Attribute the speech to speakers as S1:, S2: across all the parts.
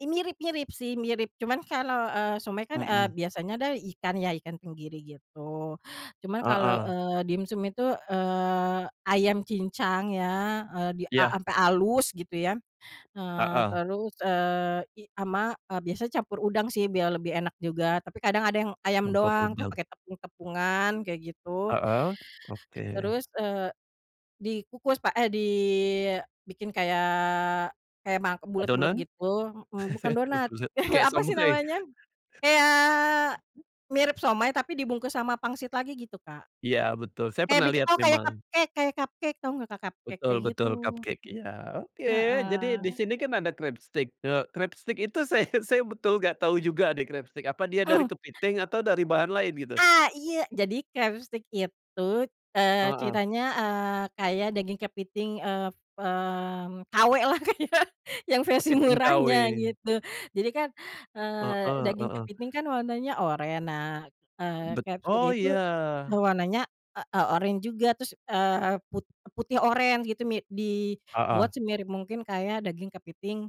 S1: E mirip mirip sih mirip cuman kalau, eee, somay kan, eee,
S2: Mhm.
S1: biasanya adalah ikan ya, ikan tenggiri gitu cuman kalau,
S2: Heeh.
S1: eee, dimsum itu, eee, ayam cincang ya, eee, di a
S2: Iya.
S1: sampai halus gitu ya, eee,
S2: Heeh.
S1: terus eee, i ama, eee, biasanya campur udang sih biar lebih enak juga tapi kadang ada yang ayam
S2: Campur
S1: doang kan
S2: udang.
S1: pakai tepung-tepungan kayak gitu.
S2: Heeh, oke.
S1: Terus, eee, dikukus pak eh, dibikin kayak, kayak ma bulet-bulet
S2: Adonan?
S1: gitu, m bukan
S2: Eh,
S1: donat
S2: buset kayak
S1: apa sih
S2: somay.
S1: namanya, kayak, mirip somay tapi dibungkus sama pangsit lagi gitu Kak.
S2: Iya betul saya
S1: Kayak
S2: pernah
S1: biki
S2: lihat
S1: oh kayak
S2: memang.
S1: cupcake, kayak cupcake tahu enggak Kak, cupcake? Kayak
S2: Betul betul
S1: gitu.
S2: cupcake iya oke jadi di
S1: Heeh.
S2: sini kan ada crabstick, eee, crabstick itu saya saya betul enggak tahu juga deh crabstick apa dia dari kepiting atau dari bahan lain gitu?
S1: Ah, iya jadi crabstick itu, eee,
S2: Heeh.
S1: ceritanya eee, kayak daging kepiting, eee, mmm, KW lah kayak yang versi
S2: Kepiting
S1: murahnya
S2: KW.
S1: gitu. Jadi kan, eee,
S2: Heeh
S1: daging
S2: heeh.
S1: kepiting kan warnanya oranye, nah, eee,
S2: Bet
S1: crabstick
S2: oh
S1: itu,
S2: iya.
S1: warnanya, e eee, oranye juga terus, eee, put putih oranye gitu mi di buat
S2: Heeh.
S1: semirip mungkin kayak daging kepiting,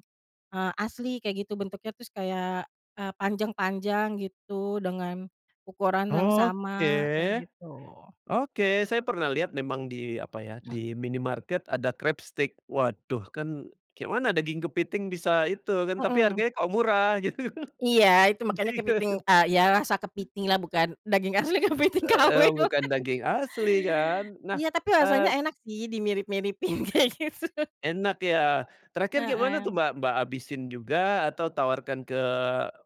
S1: eee, asli kayak gitu bentuknya terus kayak, eee, panjang-panjang gitu dengan, ukuran yang
S2: Oke.
S1: sama, kayak gitu.
S2: Oke saya pernah lihat memang di apa ya, di minimarket ada crabstick waduh kan kayak mana daging kepiting bisa itu kan tapi
S1: Mhm.
S2: harganya kok murah gitu,
S1: iya itu makanya
S2: iya.
S1: kepiting, eee, ya rasa kepiting lah bukan daging asli kepiting KW.
S2: Heeh, bukan daging asli kan, nah,
S1: Iya tapi rasanya
S2: eee
S1: enak sih dimirip-miripin kayak gitu.
S2: Enak ya, terakhir kayak mana tuh
S1: Heeh.
S2: Mbak Mbak, habisin juga atau tawarkan ke,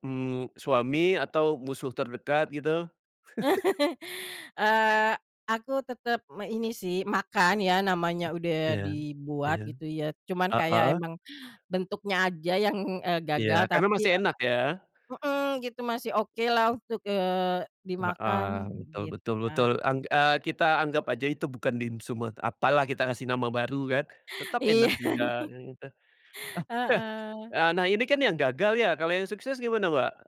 S2: mmm, suami atau musuh terdekat gitu?
S1: Eee, aku tetep me ini sih makan ya namanya udah
S2: Iya, iya,
S1: dibuat gitu ya cuman kayak
S2: heeh.
S1: emang, bentuknya aja yang, eee,
S2: Iya
S1: gagal
S2: karena
S1: tapi,
S2: masih
S1: e
S2: enak ya?
S1: mhm, gitu masih oke lah untuk, eee,
S2: Heeh,
S1: dimakan
S2: betul
S1: gitu,
S2: betul betul
S1: Kak.
S2: ang eee, kita anggap aja itu bukan dimsum at apalah kita ngasih nama baru kan, tetap
S1: Iya
S2: enak
S1: nih.
S2: juga. [unintelligible]
S1: Heeh.
S2: Eee, nah ini kan yang gagal ya kalau yang sukses gimana, Mbak?